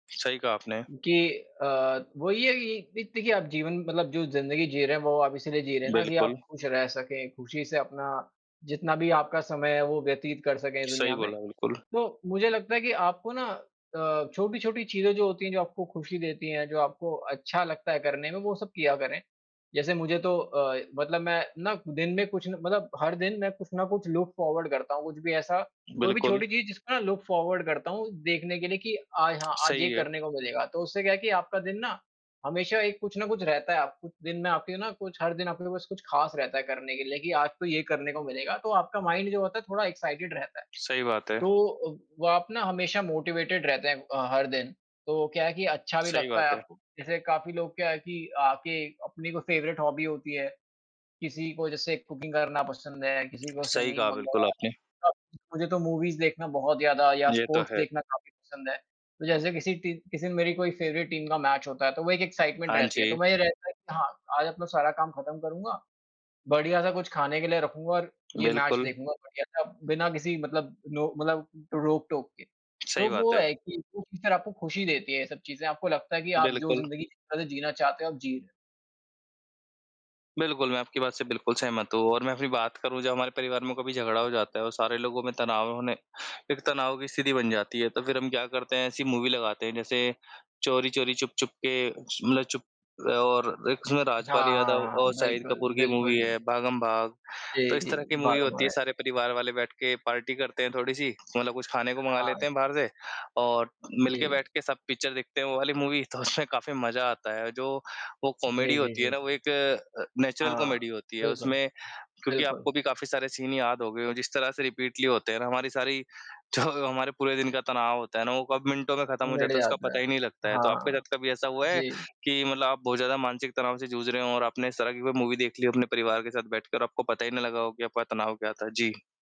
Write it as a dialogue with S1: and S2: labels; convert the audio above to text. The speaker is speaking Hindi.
S1: सही कहा आपने।
S2: गे अ, वही है कि द देखिए आप जीवन मतलब जो जिंदगी जी रहे हैं वो आप इसीलिए जी रहे हैं ना कि
S1: बिल्कुल।
S2: आप खुश रह सकें, खुशी से अपना जितना भी आपका समय है वो व्यतीत कर सकें इस
S1: सही
S2: दुनिया में।
S1: बोला, बिल्कुल।
S2: तो मुझे लगता है कि आपको ना अ, छोटी-छोटी चीज़ें जो होती हैं, जो आपको खुशी देती हैं, जो आपको अच्छा लगता है करने में, वो सब किया करें। जैसे मुझे तो अ, मतलब मैं ना दिन में कुछ न मतलब हर दिन मैं कुछ ना कुछ लुक फॉरवर्ड करता हूँ, कुछ भी ऐसा कोई भी
S1: बिल्कुल।
S2: छोटी चीज़ जिसको ना लुक फॉरवर्ड करता हूँ देखने के लिए कि आय हाँ, आज ये
S1: सही है।
S2: करने को मिलेगा। तो उससे क्या है कि आपका दिन ना हमेशा एक कुछ ना कुछ रहता है आपको, दिन में आपके ना कुछ हर दिन आप लोगों के पास कुछ खास रहता है करने के लिए कि आज तो ये करने को मिलेगा। तो आपका माइंड जो होता है थोड़ा एक्साइटेड रहता है।
S1: सही बात है।
S2: तो अव वो आप ना हमेशा मोटिवेटेड रहते हैं अ, हर दिन, तो क्या है कि अच्छा भी
S1: सही
S2: लगता है
S1: बात है।
S2: आपको। जैसे काफ़ी लोग क्या है कि आके अपनी कोई फेवरेट हॉबी होती है, किसी को जैसे कुकिंग करना पसँद है, किसी को
S1: सही कहा
S2: सिंगिंग
S1: बिल्कुल
S2: वग़ैरह।
S1: आपने।
S2: अ, मुझे तो मूवीज़ देखना बहुत ज़्यादा या
S1: ये तो
S2: स्पोर्ट्स
S1: है।
S2: देखना काफ़ी पसँद है। तो जैसे किसी ती किसी ने मेरी कोई फ़ेवरेट टीम का मैच होता है तो वो एक एक्साइटमेंट
S1: हाँ
S2: रहती है। तो
S1: जी।
S2: वही रहता है कि हाँ, आज अपनो सारा काम खत्म करूँगा बढ़िया-सा कुछ खाने के लिए रखूँगा और ये मैच
S1: बिल्कुल।
S2: देखूँगा बढ़िया-सा बिना किसी मतलब नो मतलब रोक-टोक के। तो
S1: सही बात
S2: वो
S1: है।
S2: है कि [unintelligible] आपको खुशी देती हैं ये सब चीज़ें, आपको लगता है कि आप जो
S1: बिल्कुल।
S2: जिंदगी मतलब जीना चाहते हो, आप जी र
S1: बिल्कुल, मैं आपकी बात से बिल्कुल सहमत हूँ और मैं अपनी बात करूँ, जब हमारे परिवार में कभी झगड़ा हो जाता है और सारे लोगों में तनाव होने एक तनाव की स्थिति बन जाती है, तो फिर हम क्या करते हैं, ऐसी मूवी लगाते हैं जैसे चोरी-चोरी चुप-चुप के मतलब चुप और एक उसमें राजपाल
S2: हाँ,
S1: यादव
S2: हाँ,
S1: और
S2: हाँ।
S1: शाहिद
S2: बिल्कुल,
S1: कपूर की मूवी
S2: बिल्कुल।
S1: है भागम-भाग, तो
S2: जी,
S1: इस
S2: जी।
S1: तरह की मूवी होती
S2: भागम-भाग
S1: है,
S2: है।
S1: सारे परिवार वाले बैठ के पार्टी करते हैं थोड़ी-सी। मतलब कुछ खाने को मँगा
S2: हाँ।
S1: लेते हैं बाहर से और मिल के
S2: जी।
S1: बैठ के सब पिक्चर देखते हैं वो वाली मूवी तो उसमें काफ़ी मज़ा आता है। जो वो कॉमेडी
S2: जी, जी,
S1: होती
S2: जी,
S1: है ना,
S2: जी।
S1: वो एक अ, नेचुरल
S2: हाँ।
S1: कॉमेडी होती है
S2: बिल्कुल।
S1: उसमें क्योंकि
S2: बिल्कुल।
S1: आपको भी काफ़ी सारे सीन याद हो गए हों। जिस तरह से रिपीटली होते हैं ना हमारी सारी जो हमारे पूरे दिन का तनाव होता है ना, वो कब मिनटों में खत्म हो
S2: मिट
S1: जाता है, उसका
S2: जाता
S1: पता
S2: है।
S1: ही नहीं लगता है। तो आपके
S2: हाँ।
S1: साथ कभी ऐसा हुआ है
S2: जी।
S1: कि मतलब आप बहुत ज़्यादा मानसिक तनाव से जूझ रहे हों और आपने इस तरह की कोई मूवी देख ली हो अपने परिवार के साथ बैठकर आपको पता ही नहीं लगा हो कि आपका तनाव क्या था? जी।